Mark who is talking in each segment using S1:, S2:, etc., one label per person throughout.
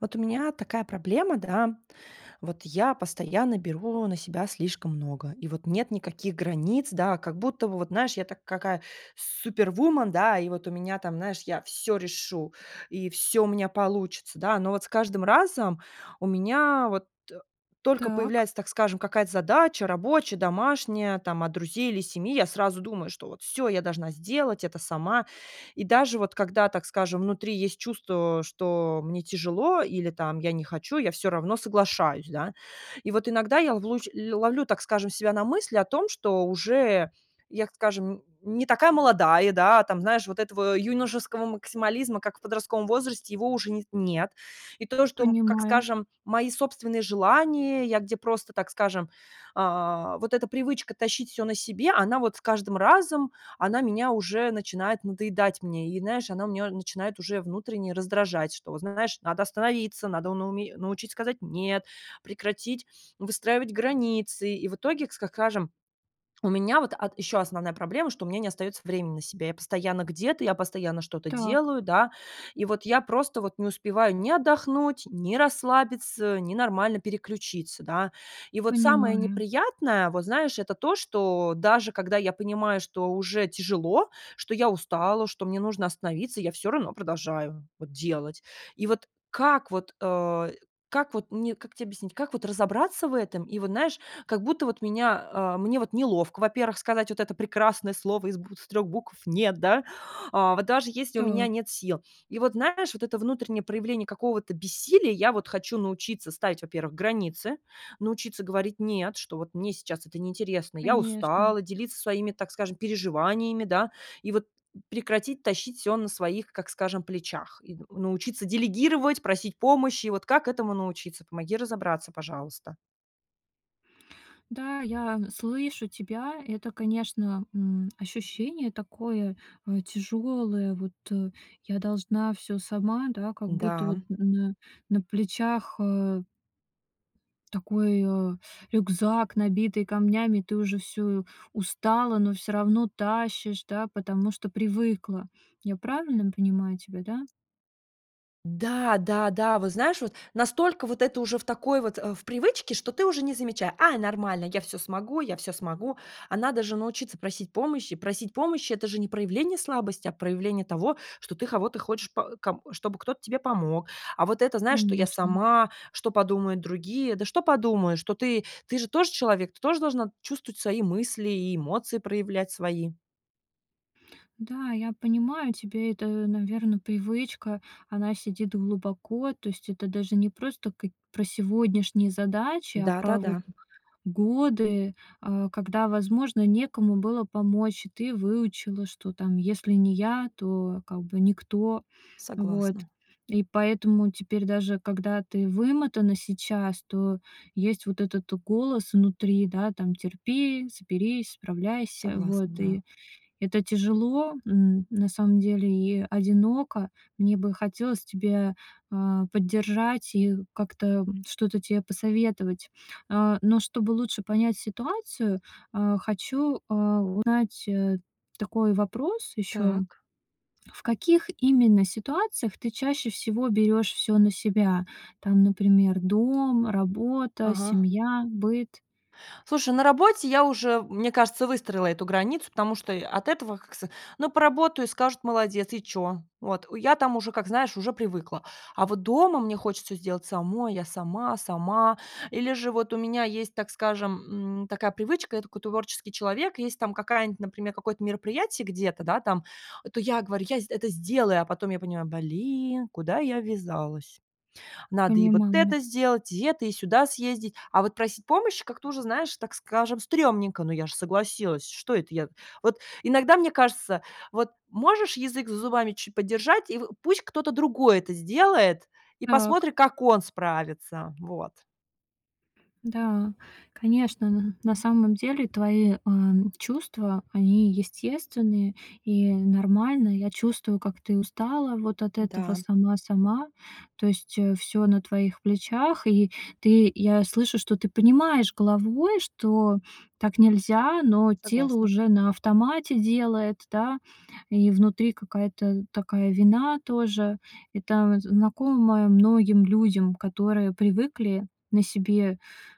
S1: Вот у меня такая проблема, да. Вот я постоянно беру на себя слишком много, и вот нет никаких границ, да. Как будто бы вот, знаешь, я так, какая супервуман, да, и вот у меня там, знаешь, я всё решу, и всё у меня получится, да. Но вот с каждым разом у меня вот, э, только
S2: Так.
S1: появляется, так скажем, какая-то задача рабочая, домашняя, там от друзей или семьи, я сразу думаю, что вот всё я должна сделать это сама. И даже вот когда, так скажем, внутри есть чувство, что мне тяжело или там я не хочу, я всё равно соглашаюсь, да. И вот иногда я лувлущ ль ловлю, так скажем, себя на мысли о том, что уже, я, как скажем, не такая молодая, да. Там, знаешь, вот этого юношеского максимализма, как в подростковом возрасте, его уже не с нет. И то, что, м, как
S2: Понимаю.
S1: скажем, мои собственные желания, я где просто, так скажем, а, вот эта привычка тащить всё на себе, она вот с каждым разом, она меня уже начинает надоедать мне. И, знаешь, она меня начинает уже внутренне раздражать. Что, вот знаешь, надо остановиться, надо на уме научить сказать "нет", прекратить выстраивать границы. И в итоге, к ска скажем, у меня вот ат еще основная проблема, что у меня не остается времени на себя. Я постоянно где-то, я постоянно что-то
S2: Так.
S1: делаю, да. И вот я просто вот не успеваю ни отдохнуть, ни расслабиться, ни нормально переключиться, да. И вот самое
S2: Понимаю.
S1: неприятное, вот знаешь, это то, что даже когда я понимаю, что уже тяжело, что я устала, что мне нужно остановиться, я всё равно продолжаю вот делать. И вот как вот, э, как вот мне как те объяснить, как вот разобраться в этом? И вот, знаешь, как будто вот меня а мне вот неловко, во-первых, сказать вот это прекрасное слово из бутв 3 букв "нет", да, а вот даже если у меня
S2: Та.
S1: нет сил. И вот, знаешь, вот это внутреннее проявление какого-то бессилия, я вот хочу научиться ставить, во-первых, границы. Научиться говорить "нет", что вот мне сейчас это неинтересно, я
S2: Конечно.
S1: устала, делиться своими, так скажем, переживаниями, да. И вот прекратить тащить всё на своих, как скажем, плечах, и н научиться делегировать, просить помощи. И вот как этому научиться? Помоги разобраться, пожалуйста.
S2: Да, я, н слышу тебя. Это, конечно, м, ощущение такое, э, тяжёлое. Вот, э, я должна всё сама, да, как будто вот
S1: Да.
S2: на на плечах, э Такой, а, рюкзак, набитый камнями. И ты уже всё, устала, но всё равно тащишь, да, потому что привыкла. Я правильно понимаю тебя, да?
S1: Да, да, да, вот знаешь, вот настолько вот это уже в такой вот, э, в привычке, что ты уже не замеча А, нормально, я всё смогу, я всё смогу. А надо же научиться просить помощи. Просить помощи это же не проявление слабости, а проявление того, что ты кого-то хочешь по ком чтобы кто-то тебе помог. А вот это, знаешь, что "я
S2: Конечно.
S1: сама, что подумают другие"? Да что подумают, что ты, ты же тоже человек, ты тоже должна чувствовать свои мысли и эмоции проявлять свои.
S2: Да, я понимаю, тебе это, наверно, привычка. Она сидит глубоко. То есть это даже не просто как про сегодняшние задачи, а про вот
S1: Да-да-да.
S2: годы, э, когда, возможно, некому было помочь. И ты выучила, что там если не я, то как бы никто. Вот.
S1: Согласна.
S2: И поэтому теперь даже когда ты вымотана сейчас, то, есть вот этот голос внутри, да, там, терпи, соберись, справляйся.
S1: Согласна,
S2: Вот. И
S1: да.
S2: это тяжело, м, на самом деле и одиноко. Мне бы хотелось тебя, э, поддержать и как-то, м, что-то тебе посоветовать. Э. Но чтобы лучше понять ситуацию, э, хочу, э, узнать, э, такой вопрос ещё.
S1: Так.
S2: В каких именно ситуациях ты чаще всего берёшь всё на себя? Там например, дом, работа,
S1: Ага.
S2: семья, быт.
S1: Слушай, на работе я уже, мне кажется, выстроила эту границу, потому что, э, от этого, как ск Ну поработаю и скажут: "Молодец!" И чё? Вот. У я там уже, как знаешь, уже привыкла. А вот дома мне хочется сделать самой, я сама, сама. Или же вот у меня есть, так скажем, м, такая привычка, я такой творческий человек, и если там какая-нибудь, например, там какое-нибудь мероприятие где-то, да там, то я говорю: "Я сд я это сделаю", а потом я понимаю, блин, куда я ввязалась. Надо и вот
S2: Понимаю.
S1: это сделать, и это, и сюда съездить, а вот просить помощи как-то уже, знаешь, так скажем, стрёмненько, ну я же согласилась, что это я? Вот иногда мне кажется, вот можешь язык за зубами ч подержать, и в пусть кто-то другой это сделает, и
S2: Так.
S1: посмотри как он справится. Вот.
S2: Да, конечно, н на самом деле твои, э, чувства они естественные и нормальные. Я чувствую, как ты устала вот от этого
S1: Да.
S2: "сама-сама". То есть, э, всё на твоих плечах, и ты, я слышу, что ты понимаешь головой, что так нельзя, но тело
S1: Согласна.
S2: уже на автомате делает, да, и внутри какая-то такая вина тоже. Это знакомое многим людям, которые привыкли на себе,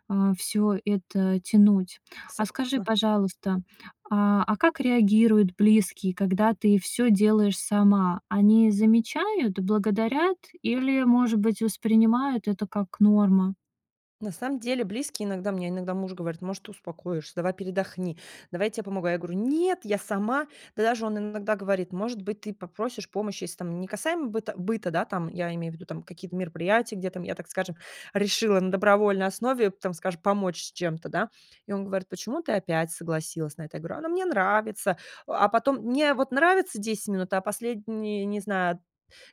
S2: э, всё это тянуть. А скажи,
S1: Согласна.
S2: пожалуйста, а, а как реагируют близкие, когда ты всё делаешь сама? Они замечают, благодарят или, может быть, воспринимают это как норма?
S1: На самом деле близкие, иногда мне иногда муж говорит: "Может, ты успокоишься? Давай передохни, давай я тебе помогу". Я говорю: "Нет, я сама". Да даже он иногда говорит: "Может быть, ты попросишь помощи?"- если там не касаемо быт быта, да, там, я имею в виду какие-то мероприятия, где там я, так скажем, решила на добровольной основе, там, скажем, помочь с чем-то, да. И он говорит: "Почему ты опять согласилась на это?" Я говорю: "А, ну, мне нравится". А, э, потом мне, у вот, нравится 10 минут, а последние, не знаю,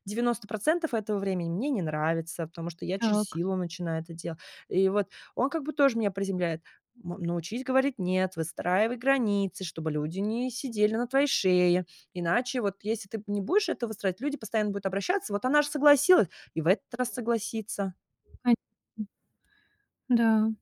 S1: 90 % этого времени мне не нравится, потому что я через
S2: Так.
S1: силу начинаю это делать. И вот он как бы тоже меня приземляет: "На научись говорить "нет", выстраивай границы, чтобы люди не сидели на твоей шее. Иначе вот, если ты, м не будешь это выстраивать, люди постоянно будут обращаться. Вот, она же согласилась, и в этот раз согласится".
S2: Понятно. Да.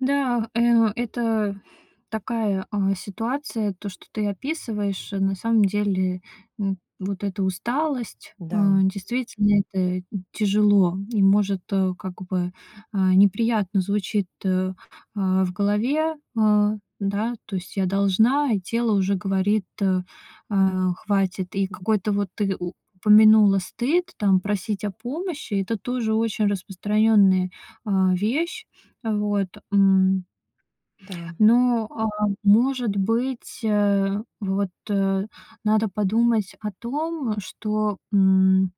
S2: Да, э, это такая, а, ситуация, то, что ты описываешь. Э, на самом деле, м, вот эта усталость. Э,
S1: Да.
S2: действительно, это, м, тяжело и, может, э, как бы, э, неприятно звучит, э, э, в голове. Э, да, то есть: "Я должна". И тело уже говорит: "Э, хватит". И
S1: Мгм.
S2: какой-то вот ты у помянула стыд, там, просить о помощи- это тоже очень распространенная, а, вещь. Вот. М.
S1: Да.
S2: Но, а может быть, э, вот, э, надо подумать о том, что, м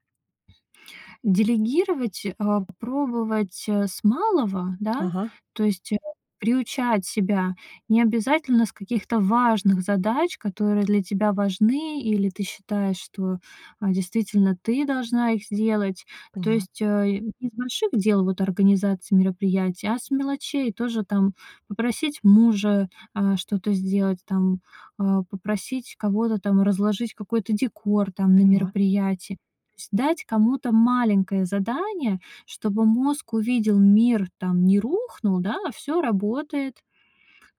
S2: Делегировать, а попробовать, а, с малого, да,
S1: Ага.
S2: то есть, а, приучать себя. Не обязательно с каких-то важных задач, которые для тебя важны, или ты считаешь, что, а, действительно ты должна их сделать. То
S1: Поняла.
S2: есть, э, не с больших дел, вот, организации мероприятий, а с мелочей тоже: там, попросить мужа, а, что-то сделать, там, а, попросить кого-то там разложить какой-то декор, там, на
S1: Поняла.
S2: мероприятии. То есть дать кому-то маленькое задание, чтобы мозг увидел: мир, там, не рухнул, да- а всё работает.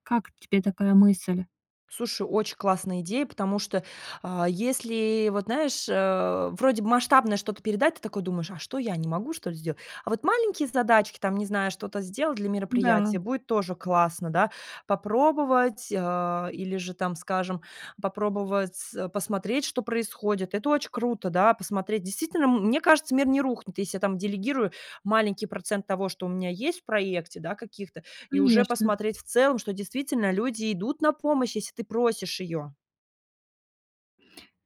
S2: Как тебе такая мысль?
S1: Слушай, очень классная идея, потому что, а если, вот знаешь, э, вроде бы масштабное что-то передать, ты такой думаешь: "А что, я не могу, что ли, сделать?" А вот маленькие задачки, там, не знаю, что-то сделать для
S2: Да.
S1: мероприятия, будет тоже классно, да, попробовать, а, или же, там, скажем, попробовать, а, посмотреть, что происходит. Это очень круто, да, посмотреть. Действительно, м мне кажется, мир не рухнет. Если я там делегирую маленький процент того, что у меня есть в проекте, да, каких-то, и уже
S2: Конечно.
S1: посмотреть в целом, что действительно люди идут на помощь, если ты просишь ее.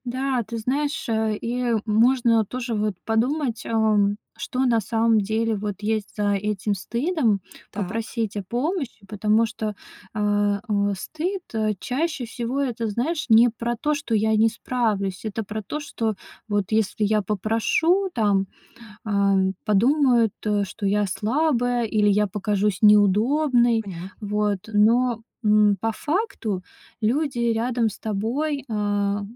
S2: Да, ты знаешь, э, и, э, можно тоже вот подумать, ам, что на самом деле вот есть за этим стыдом-
S1: Так.
S2: попросить о помощи, потому что, а, э, стыд, э, чаще всего это, знаешь, не про то, что я не справлюсь. Это про то, что вот если я попрошу, там, ам, подумают, а, что я слабая или я покажусь неудобной,
S1: Поняла.
S2: вот. Но, м, по факту, люди рядом с тобой, ам,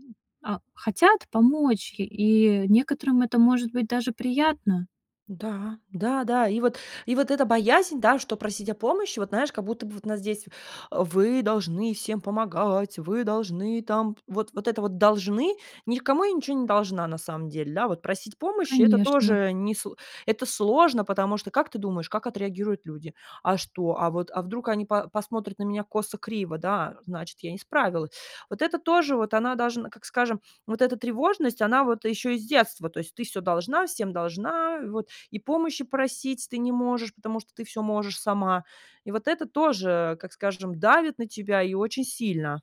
S2: а, хотят помочь, и некоторым это может быть даже приятно.
S1: Да, да-да, и вот и вот эта боязнь, да, что просить о помощи, вот знаешь, как будто бы вот у нас здесь: "А вы должны всем помогать, вы должны там вот п" Вот это вот "должны" -никому я ничего не должна на самом деле. Да, вот просить помощи- это
S2: Конечно.
S1: тоже не сло это сложно, потому что, как ты думаешь, как отреагируют люди: "А что? А вот, а вдруг они по посмотрят на меня косо-криво, да? Э, значит, я не справилась." Вот это тоже, вот она, должна, как скажем, вот эта тревожность, она вот еще и с детства. То есть: "Ты всё должна, всем должна, и вот, и помощи просить ты не можешь, потому что ты всё можешь сама." И вот это тоже, как скажем, давит на тебя и очень сильно.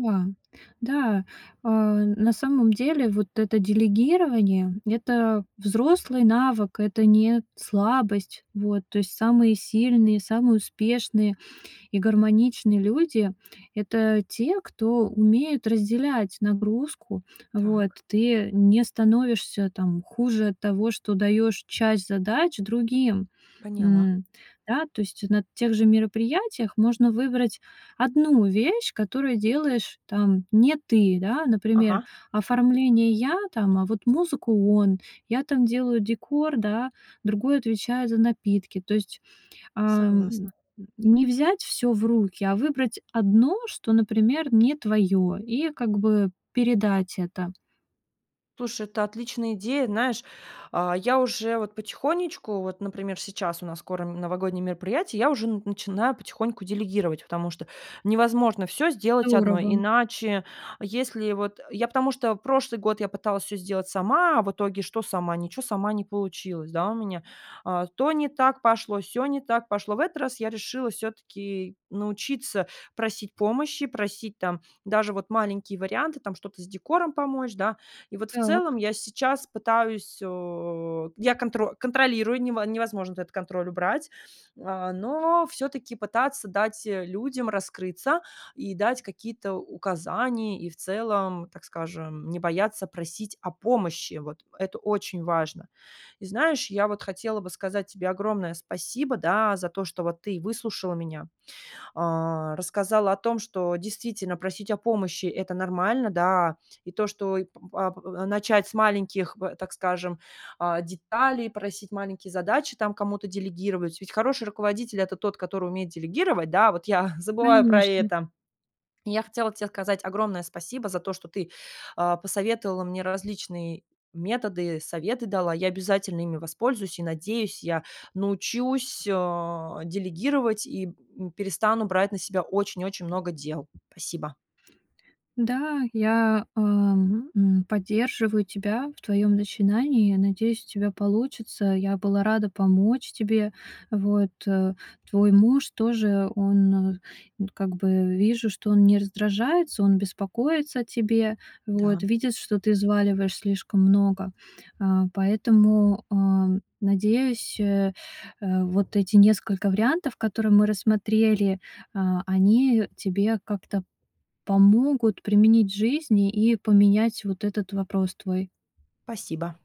S2: Да. Да, а на самом деле, вот это делегирование- это взрослый навык, это не слабость. Вот. То есть самые сильные, самые успешные и гармоничные люди- это те, кто умеет разделять нагрузку. Вот.
S1: Так.
S2: Ты не становишься там хуже от того, что даёшь часть задач другим.
S1: Поняла.
S2: М, да? То есть на тех же мероприятиях можно выбрать 1 вещь, которую делаешь там не ты, да, а, например,
S1: Ага.
S2: оформление- я там, а вот музыку- он, я там делаю декор, да, другой отвечает за напитки. То есть, ам, м,
S1: Согласна.
S2: м, не взять всё в руки, а выбрать одно, что, например, не твоё, и как бы передать это.
S1: Слушай, это отличная идея, знаешь, а я уже вот потихонечку, вот, например, сейчас у нас скоро н новогодние мероприятия, и я уже н начинаю потихоньку делегировать, потому что невозможно всё сделать одной,
S2: Здорово.
S1: иначе, если вот, э, я потому что прошлый год я пыталась всё сделать сама. А в итоге что? Сама ничего, сама не получилось, да, у меня. А то не так пошло, сё не так пошло. В этот раз я решила всё-таки научиться просить помощи, просить там даже вот маленькие варианты, там что-то с декором помочь, да. И вот в целом
S2: Так.
S1: я сейчас пытаюсь, а, я контро контролирую, нево невозможно этот контроль убрать, а, но всё-таки пытаться дать, э, людям раскрыться и дать какие-то указания, и в целом, так скажем, не бояться просить о помощи. Вот, э, это очень важно. И знаешь, я вот хотела бы сказать тебе огромное спасибо, да, а, за то, что вот ты выслушала меня. А, рассказала о том, что действительно просить о помощи- это нормально, да. И то, что и п а п а начать с маленьких, б так скажем, а, деталей, просить маленькие задачи, там кому-то делегировать. Ведь хороший руководитель- это тот, который умеет делегировать. Да, а вот я забываю про
S2: Конечно.
S1: это. И я хотела тебе сказать огромное спасибо за то, что ты, а, посоветовала мне различные методы, советы дала. Я обязательно ими воспользуюсь. И, надеюсь, я научусь, а, делегировать и, м, перестану брать на себя очень-очень много дел. Спасибо.
S2: Да, я, эм, м, поддерживаю тебя в твоем начинании. Я надеюсь, у тебя получится. Я была рада помочь тебе, вот, э. Твой муж тоже, он, э, вот, как бы, вижу, что он не раздражается, он беспокоится о тебе.
S1: Да.
S2: Вот. Видит, что ты взваливаешь слишком много, а. Поэтому, а, надеюсь, э, э, вот эти несколько вариантов, которые мы рассмотрели, а, они тебе как-то помогут применить в жизни и поменять вот этот вопрос твой.
S1: Спасибо.